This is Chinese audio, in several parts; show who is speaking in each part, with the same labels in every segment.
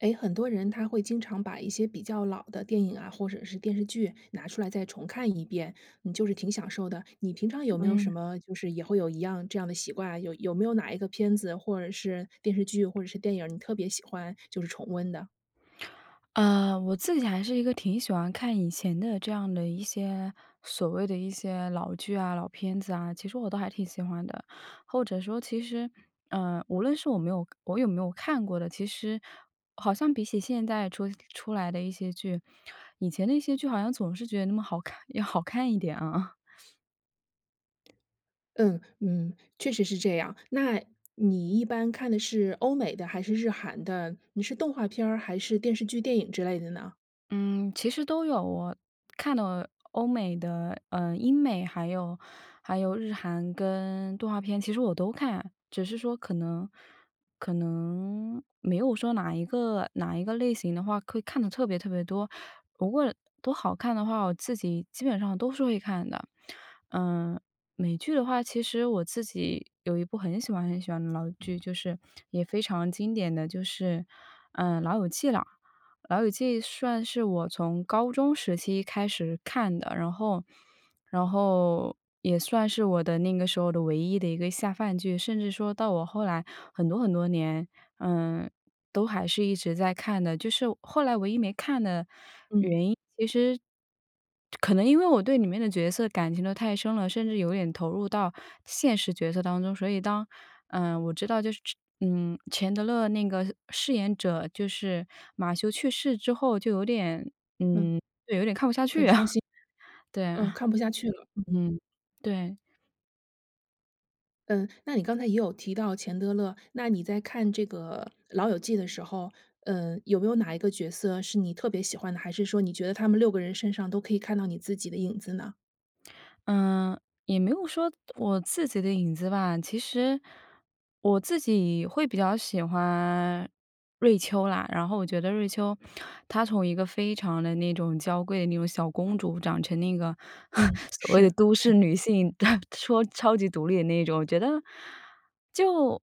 Speaker 1: 哎，很多人他会经常把一些比较老的电影啊，或者是电视剧拿出来再重看一遍，嗯，就是挺享受的。你平常有没有什
Speaker 2: 嗯。
Speaker 1: 么就是也会有一样这样的习惯？有有没有哪一个片子，或者是电视剧，或者是电影儿，你特别喜欢就是重温的？
Speaker 2: 呃，我自己还是一个挺喜欢看以前的这样的一些所谓的一些老剧啊、老片子啊，其实我都还挺喜欢的。或者说其实，呃，无论是我没有我有没有看过的，其实好像比起现在出出来的一些剧，以前的一些剧好像总是觉得那么好看要好看一点啊。
Speaker 1: 嗯嗯，确实是这样。那，你一般看的是欧美的？还是日韩的？你是动画片儿？还是电视剧、电影之类的呢？
Speaker 2: 嗯，其实都有。我看到了欧美的，呃，英美，还有还有日韩，跟动画片，其实我都看。只是说可能可能没有说哪一个哪一个类型的话，会看得特别特别多。如果都好看的话，我自己基本上都是会看的。呃，美剧的话，其实我自己有一部很喜欢很喜欢的老剧，就是也非常经典的就是，呃，《老友记》了。《老友记》算是我从高中时期开始看的，然后然后也算是我的那个时候的唯一的一个下饭剧。甚至说到我后来很多很多年，嗯，都还是一直在看的。就是后来唯一没看的原因，其
Speaker 1: 嗯。
Speaker 2: 实可能因为我对里面的角色感情都太深了，甚至有点投入到现实角色当中。所以当，呃，我知道就是嗯，钱德勒那个饰演者，就是马修去世之后就有点，
Speaker 1: 嗯，很伤心。
Speaker 2: 嗯，就有点看不下去啊。对
Speaker 1: 呃，
Speaker 2: 啊。
Speaker 1: 看不下去了，嗯。
Speaker 2: 嗯，对。
Speaker 1: 嗯，那你刚才也有提到钱德勒，那你在看这个老友记的时候，呃，有没有哪一个角色是你特别喜欢的，还是说你觉得他们6个人身上都可以看到你自己的影子呢？
Speaker 2: 嗯，也没有说我自己的影子吧，其实我自己会比较喜欢瑞秋啦。然后我觉得瑞秋她从一个非常地那种娇贵的那种小公主长成那个
Speaker 1: 嗯，
Speaker 2: 所谓的
Speaker 1: 是。
Speaker 2: 都市 女性，说超级独立的那种。我觉得，就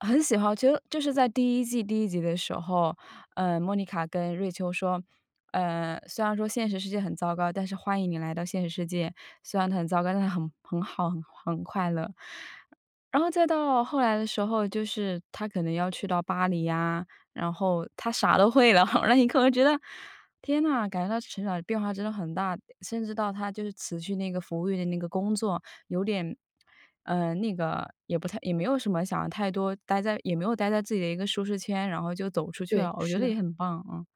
Speaker 2: 很喜欢我觉得就是在第1季第1集的时候，呃，莫妮卡跟瑞秋说：“呃，虽然说现实世界很糟糕，但是欢迎你来到现实世界，虽然它很糟糕，但很很好很很快乐“。然后再到后来的时候，就是她可能要去到巴黎呀，然后她啥都会了。然后你可能觉得天哪，感觉到成长变化真的很大。甚至到她就是辞去那个服务员的那个工作有点呃，那个也不太，也没有什么想太多待在也没有待在自己的一个舒适圈，然后就走出去了，
Speaker 1: 对，
Speaker 2: 我觉
Speaker 1: 是
Speaker 2: 得也
Speaker 1: 的。
Speaker 2: 很棒，嗯。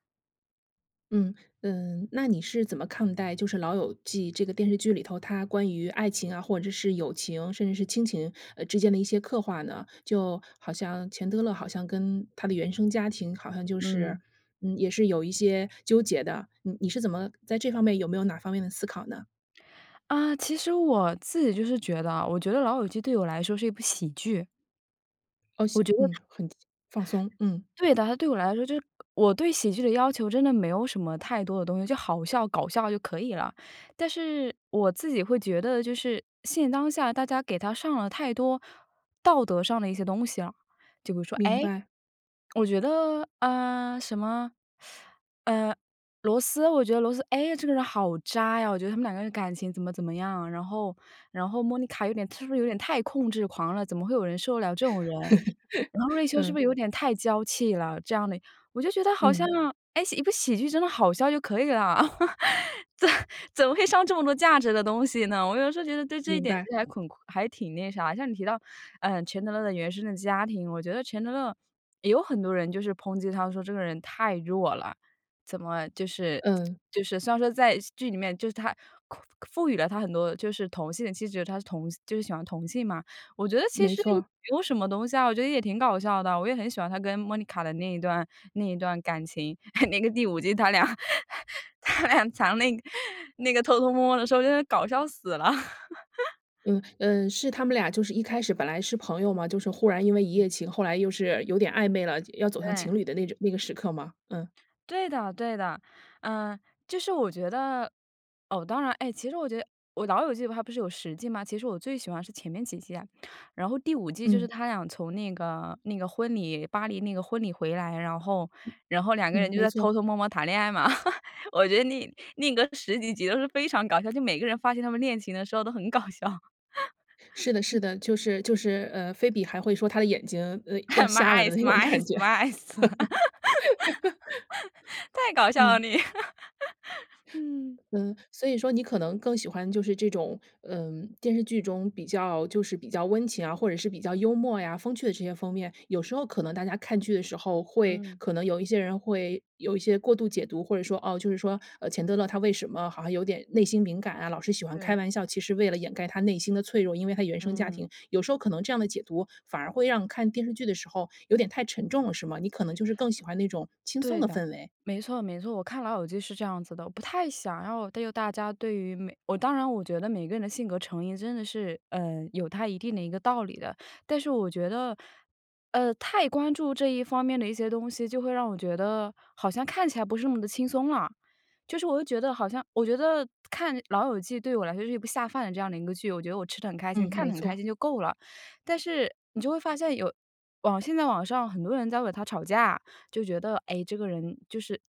Speaker 1: 嗯，呃，那你是怎么看待就是《老友记》这个电视剧里头，它关于爱情啊，或者是友情，甚至是亲情，呃，之间的一些刻画呢？就好像钱德勒好像跟他的原生家庭好像就是，
Speaker 2: 嗯。
Speaker 1: 嗯，也是有一些纠结的，嗯，你是怎么在这方面有没有哪方面的思考呢？
Speaker 2: 啊，其实我自己就是觉得啊，我觉得《老友记》对我来说是一部喜剧。
Speaker 1: 哦，
Speaker 2: 我
Speaker 1: 西
Speaker 2: 觉得
Speaker 1: 嗯，
Speaker 2: 它
Speaker 1: 很放松，嗯。
Speaker 2: 对的，它对我来说就是我对喜剧的要求真的没有什么太多的东西，就好笑、搞笑就可以了。但是我自己会觉得就是，现当下大家给它上了太多道德上的一些东西了。就比如说，
Speaker 1: 明
Speaker 2: 哎，
Speaker 1: 白。
Speaker 2: 我觉得，呃，什么，呃，罗斯，我觉得罗斯，哎，这个人好渣呀，我觉得他们两个人感情怎么怎么样，然后然后 Monica 有点她是不是有点太控制狂了，怎么会有人受得了这种人？然后瑞 秋是不
Speaker 1: 嗯。
Speaker 2: 是有点太娇气了？这样的，我就觉得好像，
Speaker 1: 嗯。
Speaker 2: 哎，喜一部喜剧真的好笑就可以了。怎怎么会上这么多价值的东西呢？我有的时候觉得对这一
Speaker 1: 明
Speaker 2: 点
Speaker 1: 白。
Speaker 2: 其实还恐还挺那啥。像你提到，呃，钱德勒原生的家庭，我觉得钱德勒也有很多人就是抨击他说，这个人太弱了，怎么就是
Speaker 1: 嗯。
Speaker 2: 就是虽然说在剧里面就是他赋予了他很多就是同性的气质，他是同就是喜欢同性嘛，我觉得其
Speaker 1: 没
Speaker 2: 实也
Speaker 1: 错。
Speaker 2: 没有什么东西啊，我觉得也挺搞笑的，我也很喜欢他跟 Monica 的那一段那一段感情，那个第5季他俩他俩藏那个那个偷偷摸摸的时候，真的搞笑死了。
Speaker 1: 嗯，嗯，是他们俩就是一开始本来是朋友嘛，就是忽然因为一夜情，后来又是有点暧昧了，要走向
Speaker 2: 对。
Speaker 1: 情侣的那种那个时刻吗？嗯。
Speaker 2: 对的，对的，呃，就是我觉得，哦，当然哎，其实我觉得哦，《老友记》它不是有10季吗？其实我最喜欢是前面几季啊，然后第5季就是
Speaker 1: 嗯。
Speaker 2: 他俩从那个那个婚礼，巴黎那个婚礼回来，然后然后两个人
Speaker 1: 嗯，
Speaker 2: 就
Speaker 1: 没
Speaker 2: 在
Speaker 1: 错。
Speaker 2: 偷偷摸摸谈恋爱嘛，我觉得那那个十几集都是非常搞笑，就每个人发现他们恋情的时候都很搞笑。
Speaker 1: 是的，是
Speaker 2: 嗯。
Speaker 1: 的，就是就是，呃，菲比还会说她的眼睛，呃，要
Speaker 2: My
Speaker 1: 瞎了的那
Speaker 2: eyes，my
Speaker 1: 种感觉。
Speaker 2: eyes，my eyes 太搞笑了，
Speaker 1: 嗯。
Speaker 2: 你，嗯。
Speaker 1: 嗯，所以说你可能更喜欢就是这种，嗯，电视剧中比较就是比较温情啊，或者是比较幽默呀、风趣的这些方面。有时候可能大家看剧的时候，会
Speaker 2: 嗯。
Speaker 1: 可能有一些人会有一些过度解读。或者说，哦，就是说，呃，钱德勒他为什么好像有点内心敏感啊，老是喜欢开
Speaker 2: 对。
Speaker 1: 玩笑，其实为了掩盖他内心的脆弱，因为他原生家
Speaker 2: 嗯。
Speaker 1: 庭，有时候可能这样的解读，反而会让看电视剧的时候有点太沉重了是吗？你可能就是更喜欢那种轻松
Speaker 2: 对
Speaker 1: 的
Speaker 2: 的，
Speaker 1: 氛围。
Speaker 2: 没错没错，我看《老友记》是这样子的。不太想要对于大家对于每我当然我觉得每个人的性格成因真的是，嗯，有它一定的一个道理的，但是我觉得，呃，太关注这一方面的一些东西，就会让我觉得好像看起来不是那么地轻松了。就是我就觉得好像我觉得看《老友记》对我来说是一部下饭的这样的一个剧，我觉得我吃得很开心，
Speaker 1: 嗯，
Speaker 2: 看
Speaker 1: 没
Speaker 2: 得很开
Speaker 1: 错。
Speaker 2: 心就够了。但是，你就会发现有网现在网上很多人在为它吵架，就觉得，哎，这个人就是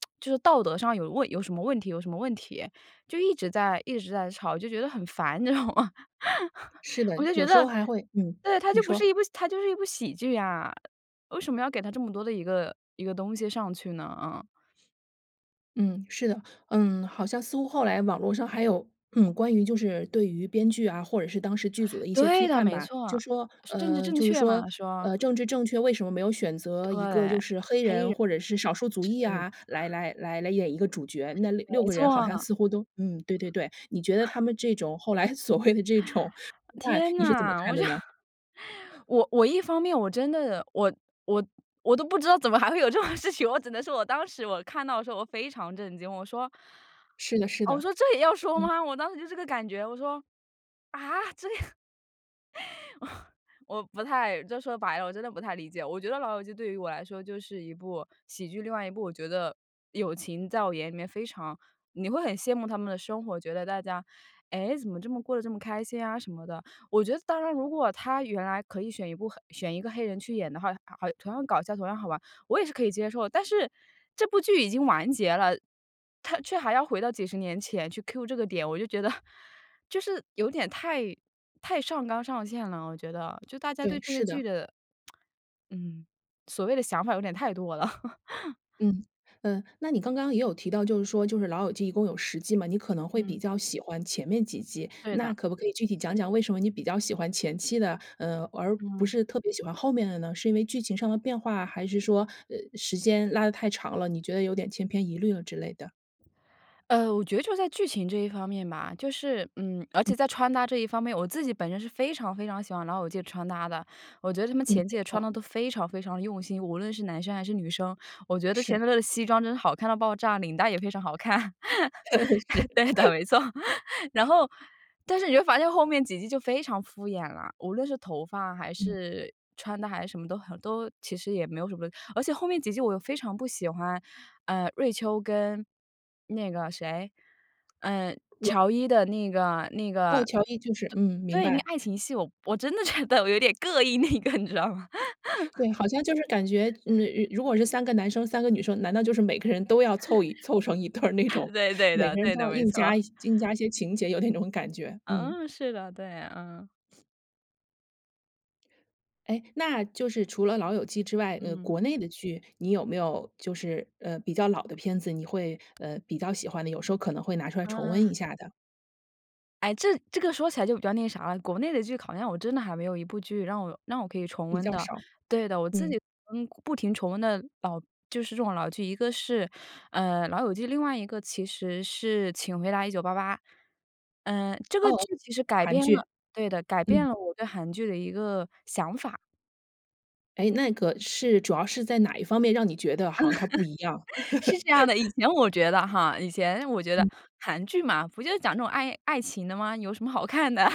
Speaker 2: 就是道德上有问有什么问题，有什么问题，就一直在一直在吵，就觉得很烦，知道吗？
Speaker 1: 是的，
Speaker 2: 我就觉
Speaker 1: 有时候
Speaker 2: 得
Speaker 1: 还会嗯，
Speaker 2: 对，它
Speaker 1: 你
Speaker 2: 就不是
Speaker 1: 说。
Speaker 2: 一部它就是一部喜剧呀，为什么要给它这么多的一个一个东西上去呢？嗯。
Speaker 1: 嗯，是的。嗯，好像似乎后来网络上还有，嗯，关于就是对于编剧啊，或者是当时剧组的一些批
Speaker 2: 对的，
Speaker 1: 判
Speaker 2: 没
Speaker 1: 吧。就
Speaker 2: 错。
Speaker 1: 说，
Speaker 2: 政治
Speaker 1: 呃，
Speaker 2: 正
Speaker 1: 就是
Speaker 2: 确
Speaker 1: 说，
Speaker 2: 嘛，说。
Speaker 1: 呃，政治正确，为什么没有选
Speaker 2: 对，
Speaker 1: 择一
Speaker 2: 黑
Speaker 1: 个就
Speaker 2: 人，
Speaker 1: 是黑人或者是少数族裔
Speaker 2: 是。
Speaker 1: 啊，来来来来演一个主角。那66
Speaker 2: 没
Speaker 1: 个人好像
Speaker 2: 错。
Speaker 1: 似乎都嗯，对对对，你觉得他们这种后来所谓的这种批判
Speaker 2: 天
Speaker 1: 你是怎么
Speaker 2: 哪，
Speaker 1: 看
Speaker 2: 我就
Speaker 1: 的呢？
Speaker 2: 我我一方面我真的，我我我都不知道怎么还会有这种事情。我只能说我当时我看到的时候我非常震惊，我说
Speaker 1: 是的是
Speaker 2: 哦，我
Speaker 1: 的。
Speaker 2: 说这也要说
Speaker 1: 嗯。
Speaker 2: 吗？我当时就这个感觉，我说，啊？这 我不太就说白了，我真的不太理解。我觉得《老友记》对于我来说就是一部喜剧。另外一部我觉得友情，在我眼里面非常你会很羡慕他们的生活，觉得大家，哎，怎么这么过得这么开心啊什么的。我觉得当然如果它原来可以选一部黑选一个黑人去演的话，啊同样搞笑，同样好玩，我也是可以接受的。但是这部剧已经完结了，它却还要回到几十年前去 cue 这个点，我就觉得就是有点太太上纲上线了，我觉得，就大家
Speaker 1: 对，
Speaker 2: 对这些
Speaker 1: 是
Speaker 2: 剧
Speaker 1: 的。
Speaker 2: 的 嗯，所谓的想法有点太多了。
Speaker 1: 嗯，呃，那你刚刚也有提到，就是说就是老友记一共有10季嘛，你可能会比
Speaker 2: 嗯。
Speaker 1: 较喜欢前面几季。
Speaker 2: 对
Speaker 1: 那
Speaker 2: 的。
Speaker 1: 可不可以具体讲讲为什么你比较喜欢前期的，呃，而不
Speaker 2: 嗯。
Speaker 1: 是特别喜欢后面的呢？是因为剧情上的变化，还是说，呃，时间拉得太长了，你觉得有点千篇一律了之类的？
Speaker 2: 呃，我觉得就在剧情这一方面吧，就是，嗯而
Speaker 1: 嗯。
Speaker 2: 且在穿搭这一方面，我自己本身是非常非常喜欢老友记的穿搭的。我觉得他们
Speaker 1: 嗯，
Speaker 2: 前几
Speaker 1: 没
Speaker 2: 季
Speaker 1: 错
Speaker 2: 穿
Speaker 1: 儿。
Speaker 2: 得都非常非常的用心，无论是男生还是女生，我觉得钱
Speaker 1: 是。
Speaker 2: 德勒的西装真的是好看到爆炸，领带也非常好看。
Speaker 1: 是。
Speaker 2: 对的，没错，然后但是你就发现后面几季，就非常敷衍了，无论是头发还
Speaker 1: 嗯。
Speaker 2: 是穿的还是什么都很，都其实也没有什么而且后面几季我又非常不喜欢，呃，瑞秋跟那个谁，呃，
Speaker 1: 哇。
Speaker 2: 乔伊的那个那
Speaker 1: 哦，
Speaker 2: 个，
Speaker 1: 乔伊就是嗯，明
Speaker 2: 对，那个
Speaker 1: 白。
Speaker 2: 爱情戏，我我真的觉得我有点膈应那个你知道吗。
Speaker 1: 对，好像就是感觉，嗯，如如果是3个男生3个女生，难道就是每个人都要凑一凑成一对儿那种，
Speaker 2: 对，对
Speaker 1: 每
Speaker 2: 的，
Speaker 1: 个人
Speaker 2: 对
Speaker 1: 都
Speaker 2: 的，
Speaker 1: 要
Speaker 2: 没
Speaker 1: 硬
Speaker 2: 错。
Speaker 1: 加硬加一些情节，有那种感觉，嗯。
Speaker 2: 嗯，是的，对，嗯。
Speaker 1: 哎，那就是除了老友记之外，呃，
Speaker 2: 嗯。
Speaker 1: 国内的剧，你有没有就是，呃，比较老的片子，你会，呃，比较喜欢的？有时候可能会拿出来重温一
Speaker 2: 啊。
Speaker 1: 下的。
Speaker 2: 哎，这这个说起来就比较那啥了。国内的剧好像我真的还没有一部剧让我让我可以重
Speaker 1: 比
Speaker 2: 温
Speaker 1: 较
Speaker 2: 的，
Speaker 1: 少，
Speaker 2: 对的。我自
Speaker 1: 嗯。
Speaker 2: 己不停重温的老就是这种老剧，一个是，呃，《老友记》，另外一个其实是《请回答1988》。嗯，这个
Speaker 1: 哦，
Speaker 2: 剧其实是改
Speaker 1: 韩
Speaker 2: 变了
Speaker 1: 剧，
Speaker 2: 对的，改变
Speaker 1: 嗯。
Speaker 2: 了我对韩剧的一个想法。
Speaker 1: 哎，那个是，主要是在哪一方面让你觉得好像它不一样？
Speaker 2: 是这样的。以前我觉得哈，以前我觉得，
Speaker 1: 嗯。
Speaker 2: 韩剧嘛，不就是讲这种爱爱情的嘛，有什么好看的？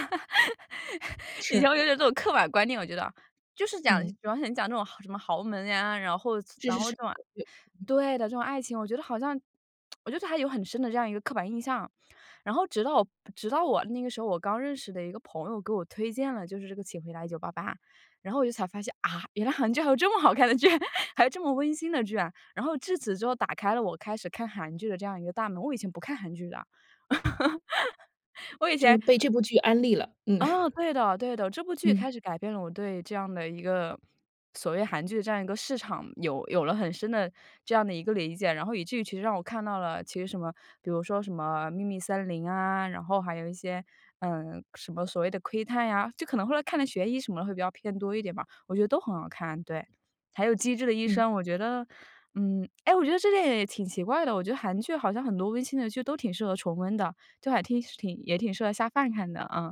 Speaker 2: 以
Speaker 1: 是。
Speaker 2: 前我觉得这种刻板观念我觉得，就是讲比
Speaker 1: 嗯。
Speaker 2: 方想讲这种豪什么豪门啊，然后这
Speaker 1: 是
Speaker 2: 然
Speaker 1: 是
Speaker 2: 后
Speaker 1: 是，
Speaker 2: 这种
Speaker 1: 对。
Speaker 2: 对的，这种爱情，我觉得好像 我觉得还有很深的这样一个刻板印象。然后直到直到我那个时候，我刚认识的一个朋友，给我推荐了就是这个《请回答1988》，然后我就才发现，啊？原来韩剧还有这么好看的剧，还有这么温馨的剧啊。然后至此之后打开了我开始看韩剧的这样一个大门，我以前不看韩剧的。我以
Speaker 1: 就
Speaker 2: 前
Speaker 1: 是被这部剧安利了，嗯。
Speaker 2: 啊，对的，对的。这部剧
Speaker 1: 嗯。
Speaker 2: 开始改变了我对这样的一个，所谓韩剧的这样一个市场，有有了很深的这样的一个理解。然后以至于其实让我看到了其实什么，比如说什么《秘密森林》啊，然后还有一些，嗯，什么所谓的《窥探》呀，就可能后来看得悬疑什么的会比较偏多一点吧。我觉得都很好看，对。还有《机智的医
Speaker 1: 嗯。
Speaker 2: 生》我觉得嗯，哎，我觉得这个也挺奇怪的，我觉得韩剧好像很多温馨的剧都挺适合重温的，就还听挺也挺适合下饭看的，啊。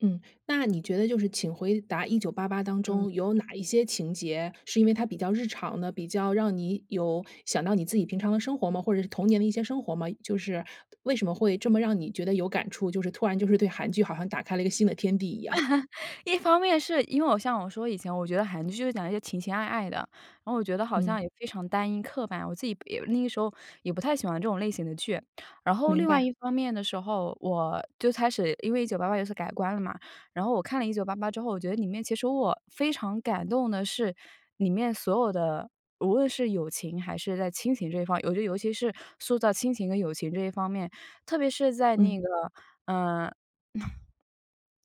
Speaker 1: 嗯，那你觉得就是《请回答1988》当
Speaker 2: 嗯。
Speaker 1: 中有哪一些情节，是因为它比较日常呢？比较让你有想到你自己平常的生活吗？或者是童年的一些生活吗？就是为什么会这么让你觉得有感触？就是突然就是对韩剧好像打开了一个新的天地一样。
Speaker 2: 一方面是因为我像我说以前我觉得韩剧就是讲一些情情爱爱的，然后我觉得好
Speaker 1: 嗯。
Speaker 2: 像也非常单一刻板，我自己也那个时候也不太喜欢这种类型的剧。然后，
Speaker 1: 明
Speaker 2: 另外
Speaker 1: 白。
Speaker 2: 一方面的时候，我就开始，因为1988有所改观了嘛。然后我看了1988之后，我觉得里面其实我非常感动的是里面所有的，无论是友情还是在亲情这一方，我觉得尤其是塑造亲情和友情这一方面，特别是在
Speaker 1: 嗯。
Speaker 2: 那个，呃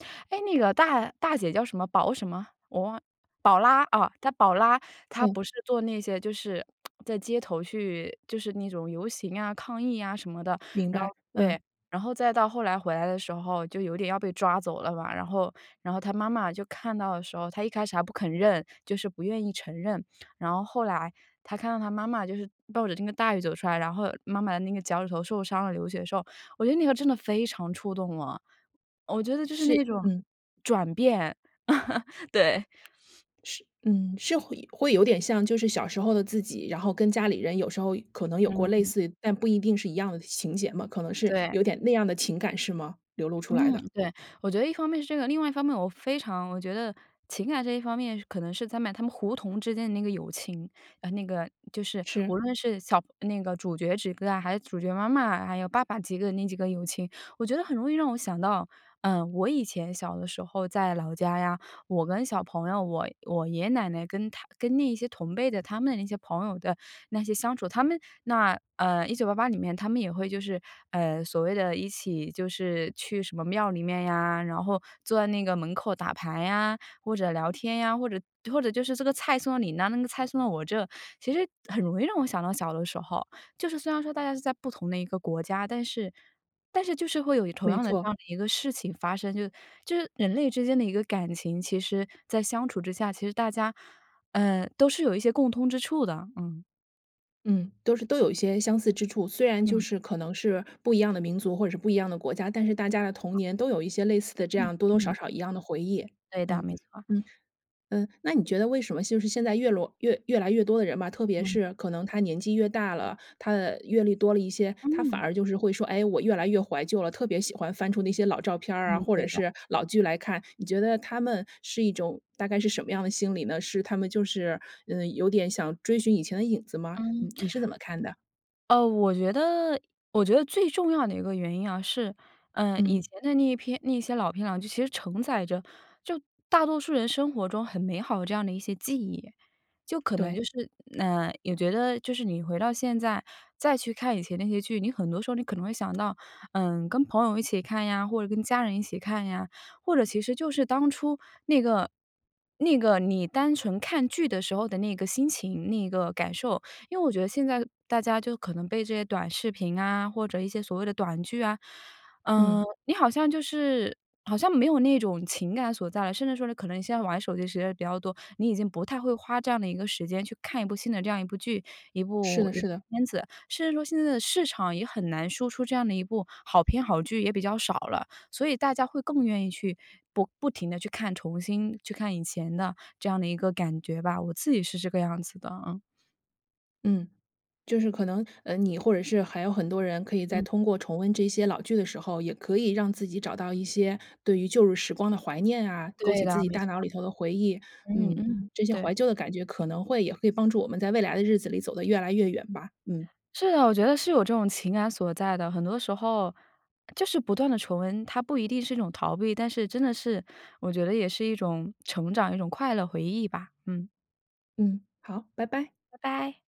Speaker 2: 哎，那个大大姐叫什么？宝什么？我忘宝拉啊，她宝拉她
Speaker 1: 嗯。
Speaker 2: 不是做那些就是 在街头去就是那种游行呀、抗议呀什么的，
Speaker 1: 明
Speaker 2: 然后
Speaker 1: 白，嗯。
Speaker 2: 对，然后再到后来回来的时候，就有点要被抓走了嘛，然后然后她妈妈就看到的时候，她一开始还不肯认，就是不愿意承认。然后后来她看到她妈妈就是冒着那个大雨走出来，然后妈妈的那个脚趾头受伤了流血的时候，我觉得那个真的非常触动我。我觉得就是
Speaker 1: 是
Speaker 2: 那种
Speaker 1: 嗯。
Speaker 2: 转变，对。
Speaker 1: 是嗯。是会会有点像就是小时候的自己，然后跟家里人有时候可能有过类
Speaker 2: 嗯。
Speaker 1: 似，但不一定是一样的情节嘛，可能是
Speaker 2: 对。
Speaker 1: 有点那样的情感是吗？流露出来
Speaker 2: 嗯，
Speaker 1: 的。
Speaker 2: 对。我觉得一方面是这个，另外一方面我非常我觉得情感这一方面，可能是他们他们胡同之间的那个友情，呃，那个就是无
Speaker 1: 是。
Speaker 2: 论是小那个主角之间啊，还是主角妈妈，还有爸爸几个那几个友情。我觉得很容易让我想到，呃，我以前小的时候在老家呀，我跟小朋友，我我爷爷奶奶跟他跟那一些同辈的，他们的那些朋友的那些相处。他们那，呃，1988里面他们也会就是，呃，所谓的一起就是去什么庙里面呀，然后坐在那个门口打牌呀，或者聊天呀，或者或者就是这个菜送到你那，那个菜送到我这，其实很容易让我想到小的时候。就是虽然说大家是在不同的一个国家，但是但是就是会有同
Speaker 1: 没
Speaker 2: 样的这
Speaker 1: 错。
Speaker 2: 样的一个事情发生，就是就是人类之间的一个感情，其实在相处之下，其实大家，呃，都是有一些共通之处的，嗯。
Speaker 1: 嗯，都是都有一些相似之处，虽然就
Speaker 2: 嗯。
Speaker 1: 是可能是不一样的民族或者是不一样的国家，但是大家的童年都有一些类似的这
Speaker 2: 嗯
Speaker 1: 样多多
Speaker 2: 嗯。
Speaker 1: 少少一样的回忆，
Speaker 2: 对的，
Speaker 1: 嗯，
Speaker 2: 没错。
Speaker 1: 嗯。嗯，那你觉得为什么就是现在越罗越越来越多的人吧，特别
Speaker 2: 嗯。
Speaker 1: 是可能他年纪越大了，他的阅历多了一些，他反
Speaker 2: 嗯。
Speaker 1: 而就是会说，哎，我越来越怀旧了，特别喜欢翻出那些老照片
Speaker 2: 嗯，
Speaker 1: 儿啊，或者
Speaker 2: 对的。
Speaker 1: 是老剧来看，你觉得他们是一种大概是什么样的心理呢？是他们就是，呃，有点想追寻以前的影子吗？你
Speaker 2: 嗯。
Speaker 1: 你是怎么看的？
Speaker 2: 呃，我觉得我觉得最重要的一个原因啊，是，呃，以
Speaker 1: 嗯。
Speaker 2: 前的那一片那些老片啊，其实承载着，就大多数人生活中很美好的这样的一些记忆。就可能
Speaker 1: 对。
Speaker 2: 就是呃，也觉得就是你回到现在，再去看以前那些剧，你很多时候你可能会想到，嗯，跟朋友一起看呀，或者跟家人一起看呀，或者其实就是当初那个那个你单纯看剧的时候的那个心情、那个感受。因为我觉得现在大家就可能被这些短视频啊，或者一些所谓的短剧啊嗯，
Speaker 1: 嗯。
Speaker 2: 你好像就是好像没有那种情感所在了，甚至说呢，可能现在玩手机的时间比较多，你已经不太会花这样的一个时间去看一部新的这样一部剧、一
Speaker 1: 是
Speaker 2: 部
Speaker 1: 的是的。
Speaker 2: 片子。甚至说，现在的市场也很难说出这样的一部好片、好剧也比较少了，所以大家会更愿意去不不停地去看重新去看以前的，这样的一个感觉吧。我自己是这个样子的啊。
Speaker 1: 嗯就是可能，呃，你或者是还有很多人可以在
Speaker 2: 嗯。
Speaker 1: 通过重温这些老剧的时候，也可以让自己找到一些对于旧日时光的怀念啊，勾
Speaker 2: 对
Speaker 1: 起自
Speaker 2: 啦，
Speaker 1: 己
Speaker 2: 没
Speaker 1: 大
Speaker 2: 错。
Speaker 1: 脑里头的回忆。
Speaker 2: 嗯
Speaker 1: 嗯，
Speaker 2: 嗯，
Speaker 1: 这些
Speaker 2: 对。
Speaker 1: 怀旧的感觉可能会也会帮助我们在未来的日子里走得越来越远吧。嗯。
Speaker 2: 是的，我觉得是有这种情感所在的，很多时候，就是不断地重温，它不一定是一种逃避，但是真的是我觉得也是一种成长，一种快乐回忆吧，嗯。
Speaker 1: 嗯，好，拜拜。
Speaker 2: 拜拜。